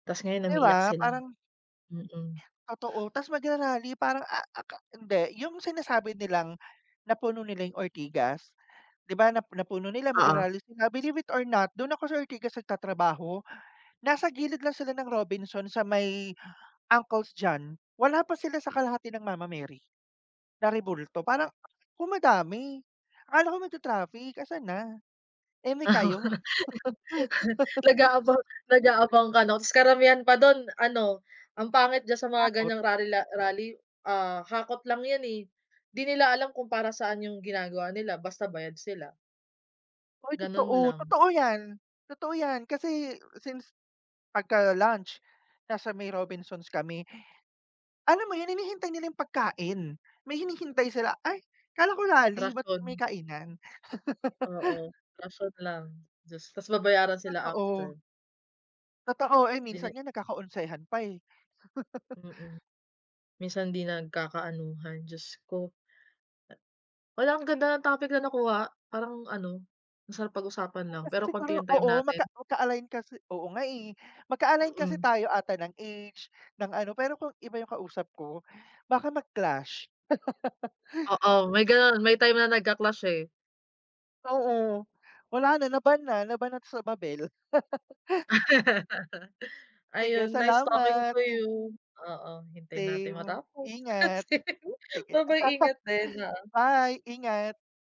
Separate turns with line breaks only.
Tapos ngayon
'Di
umiiyak
ba
sila.
parang
Mm.
Totoo, tapos magra-rally parang a a aka hindi, yung sinasabi nilang napuno nila yung Ortigas, di ba, na napuno nila,
Oo.
magra-rally sila. Believe it or not, dun ako sa Ortigas nagtatrabaho. Nasa gilid lang sila ng Robinsons sa may Uncle John's. Wala pa sila sa kalahati ng Mama Mary na rebulto. Parang kung madami, akala ko magtra-traffic, asan na? Eme kayo.
Nag-aabang nag-aabang ka 'no? Tapos karamihan pa dun ano, ang pangit diyan sa mga
Takot.
ganyang rally rally, ah, hakot lang yun, eh. Di nila alam kung para saan yung ginagawa nila basta bayad sila.
Ay
Ganun
totoo,
lang.
totoo 'yan. Totoo 'yan kasi since pagka-lunch nasa may Robinsons kami. Alam mo yun, hinihintay nila yung pagkain. May hinihintay sila. "Ay akala ko rally, ba't may
Rason.
kainan?"
Oo, rason lang. Tapos tapos babayaran sila
Totoo.
after.
Totoo. Eh, minsan
Dine
nga nagkaka-onsehan pa, eh.
Mm. Minsan hindi nagkakaanuhan, Diyos ko. Hala, ang ganda ng topic na nakuha. Parang ano, masarap pag-usapan
Eh,
lang,
kasi
pero konti
siguro
yung time
oo.
natin.
Magka magka-align kasi oo nga, eh. Magka-align kasi
Mm.
tayo 'ata ng age, ng ano, pero kung iba yung kausap ko baka mag-clash.
Oo, may gano'n. May time na nagcla-clash, eh.
Oo. Wala na, na-ban na. Na-ban na sa Babel. Sige,
Ayun, nice talking
salamat.
to you. Oo, hintayin nating
Same,
matapos.
ingat.
Sige,
Sige.
ba-bye, ingat din, oo.
Bye, ingat.